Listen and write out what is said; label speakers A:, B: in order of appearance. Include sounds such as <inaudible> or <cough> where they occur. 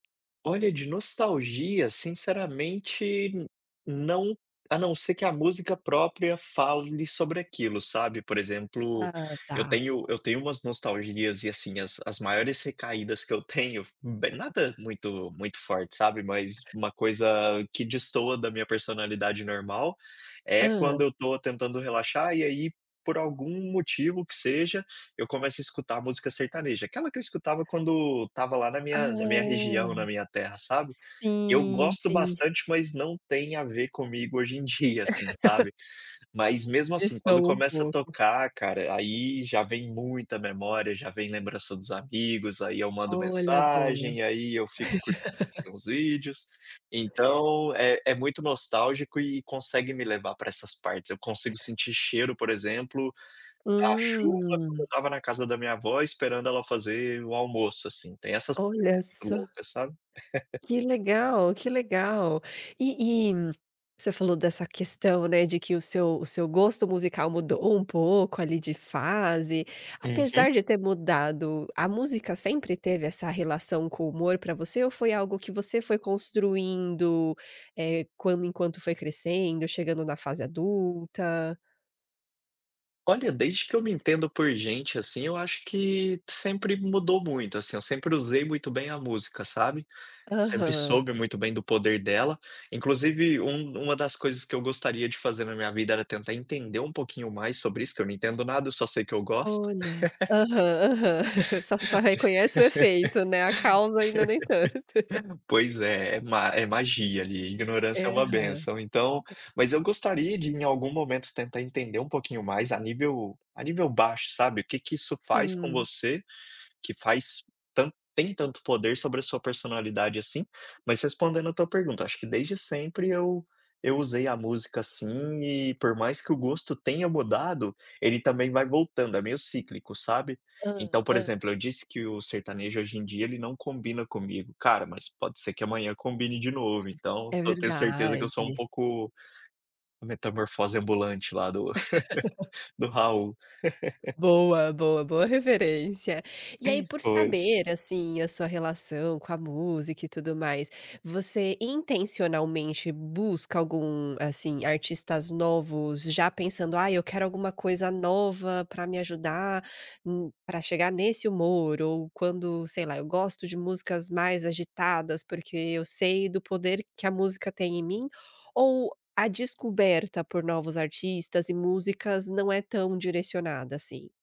A: Olha de nostalgia, sinceramente, não, a não ser que a música própria fale sobre aquilo, sabe. Por exemplo,
B: Ah
A: eu
B: tá.
A: tenho eu tenho umas nostalgias e, assim, as as maiores recaídas que eu tenho,
B: <laughs>
A: nada muito muito forte, sabe? Mas uma coisa que destoa da minha personalidade normal, é
B: Hã.
A: quando eu estou tentando relaxar e aí, por algum motivo que seja, eu começo a escutar música sertaneja, aquela que eu escutava quando estava lá na
B: Ah,
A: minha na minha região, na minha terra, sabe. Eu
B: sim,
A: gosto
B: sim.
A: bastante, mas não tem a ver comigo hoje em dia, assim,
B: <laughs>
A: sabe. Mas mesmo assim, quando
B: Destoa um
A: começa a
B: pouco.
A: tocar, cara, aí já vem muita memória, já vem lembrança dos amigos, aí eu mando
B: Olha agora.
A: mensagem, aí eu fico cur
B: <laughs>
A: uns vídeos. Então, é é muito nostálgico e consegue me levar pra essas partes, eu consigo sentir cheiro, por exemplo, da chuva quando eu
B: Hum.
A: estava na casa da minha avó esperando ela fazer o almoço, assim, tem essas
B: Olha
A: <unintelligible> muito
B: só.
A: louca, sabe? <laughs>
B: Que legal, que legal. E e, você falou dessa questão, né, de que o seu o seu gosto musical mudou um pouco ali de fase,
A: Uhum.
B: apesar de ter mudado, a música sempre teve essa relação com o humor pra você ou foi algo que você foi construindo, eh, quando enquanto foi crescendo, chegando na fase adulta?
A: Olha, desde que eu me entendo por gente, assim, eu acho que sempre mudou muito, assim, eu sempre usei muito bem a música, sabe. Sempre
B: Aham.
A: soube muito bem do poder dela. Inclusive, um uma das coisas que eu gostaria de fazer na minha vida era tentar entender um pouquinho mais sobre isso, que eu não entendo nada, só sei que eu gosto.
B: Olha. Aham, aham. <chuckles> Só só reconhece o efeito, né, a causa ainda nem tanto. <laughs>
A: <laughs> Pois é, é ma é magia ali, ignorância é
B: Aham.
A: uma bênção, então,
B: <unintelligible>
A: mas eu gostaria de em algum momento tentar entender um pouquinho mais a nível, a nível baixo, sabe. O que que isso faz com
B: Sim.
A: você, que faz tanto tem tanto poder sobre a sua personalidade, assim. Mas respondendo a tua pergunta, acho que desde sempre eu eu usei a música assim e por mais que o gosto tenha mudado, ele também vai voltando, é meio cíclico, sabe.
B: Hã,
A: Então por
B: hã.
A: exemplo, eu disse que o sertanejo hoje em dia ele não combina comigo. Cara, mas pode ser que amanhã combine de novo então,
B: É
A: eu tenho certeza que eu sou um
B: verdade.
A: pouco, metamorfose ambulante lá do
B: <laughs>
A: <laughs> do Raul. <laughs>
B: Boa, boa, boa, referência. E aí, por
A: Pois.
B: saber, assim, a sua relação com a música e tudo mais, você intencionalmente busca algum, assim, artistas novos já pensando: "Ai, eu quero alguma coisa nova pra me ajudar, hum, pra chegar nesse humor", ou quando, sei lá, "eu gosto de músicas mais agitadas porque eu sei do poder que a música tem em mim", ou a descoberta por novos artistas e músicas não é tão direcionada, assim?